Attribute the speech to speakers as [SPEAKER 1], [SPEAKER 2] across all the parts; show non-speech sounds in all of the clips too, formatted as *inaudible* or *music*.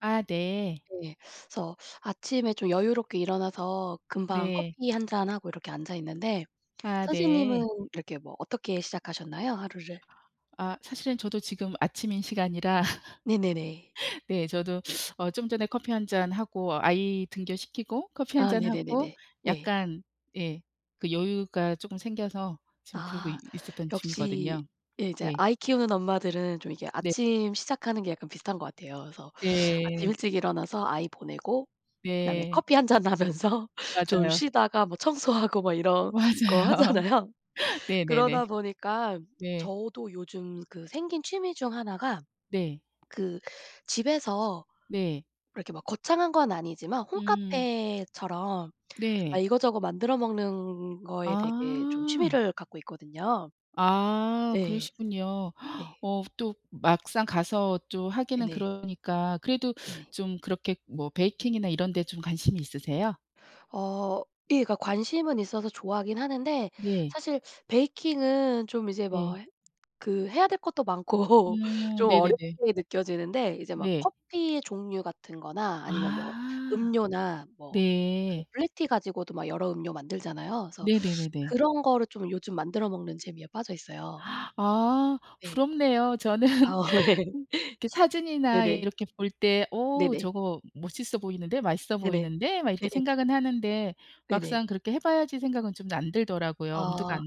[SPEAKER 1] 아. 네.
[SPEAKER 2] 네. 그래서 아침에 좀 여유롭게 일어나서 금방
[SPEAKER 1] 네.
[SPEAKER 2] 커피 1 잔 하고 이렇게 앉아 있는데
[SPEAKER 1] 아.
[SPEAKER 2] 선생님은
[SPEAKER 1] 네.
[SPEAKER 2] 이렇게 뭐 어떻게 시작하셨나요, 하루를?
[SPEAKER 1] 아 사실은 저도 지금 아침인 시간이라
[SPEAKER 2] 네네네.
[SPEAKER 1] *laughs* 네. 저도 어 좀 전에 커피 1 잔 하고 아이 등교시키고 커피 1
[SPEAKER 2] 아.
[SPEAKER 1] 잔 하고
[SPEAKER 2] 네네네네. 네.
[SPEAKER 1] 약간 예. 그 여유가 쪼금 생겨서 지금 그러고
[SPEAKER 2] 아
[SPEAKER 1] 있었던
[SPEAKER 2] 역시
[SPEAKER 1] 중이거든요.
[SPEAKER 2] 예 이제
[SPEAKER 1] 네.
[SPEAKER 2] 아이 키우는 엄마들은 좀 이게
[SPEAKER 1] 네.
[SPEAKER 2] 아침 시작하는 게 약간 비슷한 것 같아요. 그래서 아침
[SPEAKER 1] 네.
[SPEAKER 2] 일찍 일어나서 아이 보내고 그다음에
[SPEAKER 1] 네.
[SPEAKER 2] 커피 1 잔 하면서 좀
[SPEAKER 1] 맞아요.
[SPEAKER 2] 쉬다가 뭐 청소하고 막
[SPEAKER 1] 어.
[SPEAKER 2] 이런 거
[SPEAKER 1] 맞아요.
[SPEAKER 2] 하잖아요. 그러다
[SPEAKER 1] 네네네.
[SPEAKER 2] 보니까
[SPEAKER 1] 네.
[SPEAKER 2] 저도 요즘 그 생긴 취미 중 하나가
[SPEAKER 1] 네.
[SPEAKER 2] 그 집에서
[SPEAKER 1] 네.
[SPEAKER 2] 이렇게 막 거창한 건 아니지만
[SPEAKER 1] 음.
[SPEAKER 2] 홈카페처럼 아
[SPEAKER 1] 네.
[SPEAKER 2] 이것저것 만들어 먹는 거에 되게 좀
[SPEAKER 1] 아.
[SPEAKER 2] 취미를 갖고 있거든요.
[SPEAKER 1] 아.
[SPEAKER 2] 예.
[SPEAKER 1] 그러시군요.
[SPEAKER 2] 네.
[SPEAKER 1] 어 또 막상 가서 또 하기는
[SPEAKER 2] 네네.
[SPEAKER 1] 그러니까 그래도
[SPEAKER 2] 네네.
[SPEAKER 1] 좀 그렇게 뭐 베이킹이나 이런 데 좀 관심이 있으세요?
[SPEAKER 2] 어. 예. 그러니까 관심은 있어서 좋아하긴 하는데
[SPEAKER 1] 네.
[SPEAKER 2] 사실 베이킹은 좀 이제 뭐
[SPEAKER 1] 네.
[SPEAKER 2] 그 해야 될 것도 많고
[SPEAKER 1] 음.
[SPEAKER 2] 좀 어렵게
[SPEAKER 1] 네네네.
[SPEAKER 2] 느껴지는데 이제 막
[SPEAKER 1] 네.
[SPEAKER 2] 커피의 종류 같은 거나 아니면 뭐
[SPEAKER 1] 아.
[SPEAKER 2] 음료나 뭐 그
[SPEAKER 1] 네.
[SPEAKER 2] 블랙티 가지고도 막 여러 음료 만들잖아요. 그래서
[SPEAKER 1] 네네네네.
[SPEAKER 2] 그런 거를 좀 요즘 만들어 먹는 재미에 빠져 있어요.
[SPEAKER 1] 아.
[SPEAKER 2] 네.
[SPEAKER 1] 부럽네요. 저는
[SPEAKER 2] 아 예.
[SPEAKER 1] 이렇게 사진이나 이
[SPEAKER 2] 네네.
[SPEAKER 1] 이렇게 볼 때 "어우,
[SPEAKER 2] 네네.
[SPEAKER 1] 저거 멋있어 보이는데? 맛있어
[SPEAKER 2] 네네.
[SPEAKER 1] 보이는데?" 막 이렇게
[SPEAKER 2] 예예.
[SPEAKER 1] 생각은 하는데
[SPEAKER 2] 네네.
[SPEAKER 1] 막상 그렇게 해 봐야지 생각은 좀 안 들더라고요. 엄두가
[SPEAKER 2] 아.
[SPEAKER 1] 안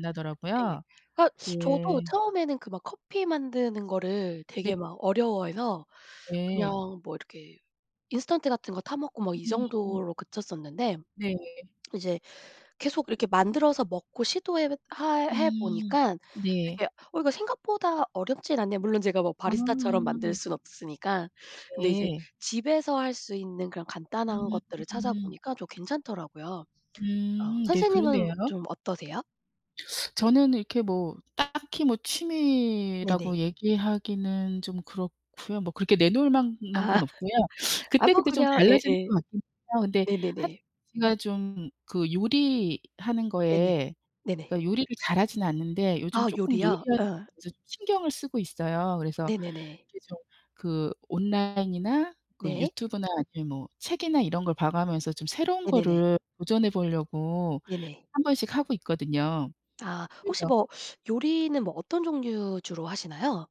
[SPEAKER 2] 네.
[SPEAKER 1] 나더라고요.
[SPEAKER 2] 그니까 저도
[SPEAKER 1] 예.
[SPEAKER 2] 처음에는 그 막 커피 만드는 거를
[SPEAKER 1] 네.
[SPEAKER 2] 되게 막 어려워해서 그냥
[SPEAKER 1] 예.
[SPEAKER 2] 뭐 이렇게 인스턴트 같은 것 타 먹고 막 이
[SPEAKER 1] 음.
[SPEAKER 2] 정도로 그쳤었는데
[SPEAKER 1] 네.
[SPEAKER 2] 이제 계속 이렇게 만들어서 먹고 시도해 할 해
[SPEAKER 1] 음.
[SPEAKER 2] 보니깐
[SPEAKER 1] 네.
[SPEAKER 2] 되게 '어 이거 생각보다 어렵진 않네.' 물론 제가 뭐
[SPEAKER 1] 아.
[SPEAKER 2] 바리스타처럼 만들 순 없으니까. 근데 이제
[SPEAKER 1] 예.
[SPEAKER 2] 집에서 할 수 있는 그런 간단한
[SPEAKER 1] 음.
[SPEAKER 2] 것들을
[SPEAKER 1] 음.
[SPEAKER 2] 찾아보니까 좀 괜찮더라고요. 어
[SPEAKER 1] 음. 네.
[SPEAKER 2] 선생님은
[SPEAKER 1] 그러네요.
[SPEAKER 2] 좀 어떠세요?
[SPEAKER 1] 저는 이렇게 뭐 딱히 뭐 취미라고
[SPEAKER 2] 네네.
[SPEAKER 1] 얘기하기는 좀 그렇고요. 뭐 그렇게 내놓을 만한
[SPEAKER 2] 아.
[SPEAKER 1] 건 없고요.
[SPEAKER 2] 아 뭐
[SPEAKER 1] 그때그때 좀
[SPEAKER 2] 그냥
[SPEAKER 1] 달라지는
[SPEAKER 2] 예예.
[SPEAKER 1] 것 같긴 해요. 근데 한
[SPEAKER 2] 네네네.
[SPEAKER 1] 제가 좀 그 요리하는
[SPEAKER 2] 네네.
[SPEAKER 1] 것에
[SPEAKER 2] 네네.
[SPEAKER 1] 그니까 요리를 잘하진 않는데 요즘
[SPEAKER 2] 아
[SPEAKER 1] 쪼끔
[SPEAKER 2] 요리요?
[SPEAKER 1] 요리하는
[SPEAKER 2] 예.
[SPEAKER 1] 것에 신경을 쓰고 있어요. 그래서
[SPEAKER 2] 네네네.
[SPEAKER 1] 이게 저 그 온라인이나 그
[SPEAKER 2] 네.
[SPEAKER 1] 유튜브나 아니면 뭐 책이나 이런 걸 봐가면서 좀 새로운
[SPEAKER 2] 네네네.
[SPEAKER 1] 거를 도전해 보려고
[SPEAKER 2] 네네.
[SPEAKER 1] 1 번씩 하고 있거든요.
[SPEAKER 2] 아. 혹시
[SPEAKER 1] 그래서
[SPEAKER 2] 뭐 요리는 뭐 어떤 종류 주로 하시나요?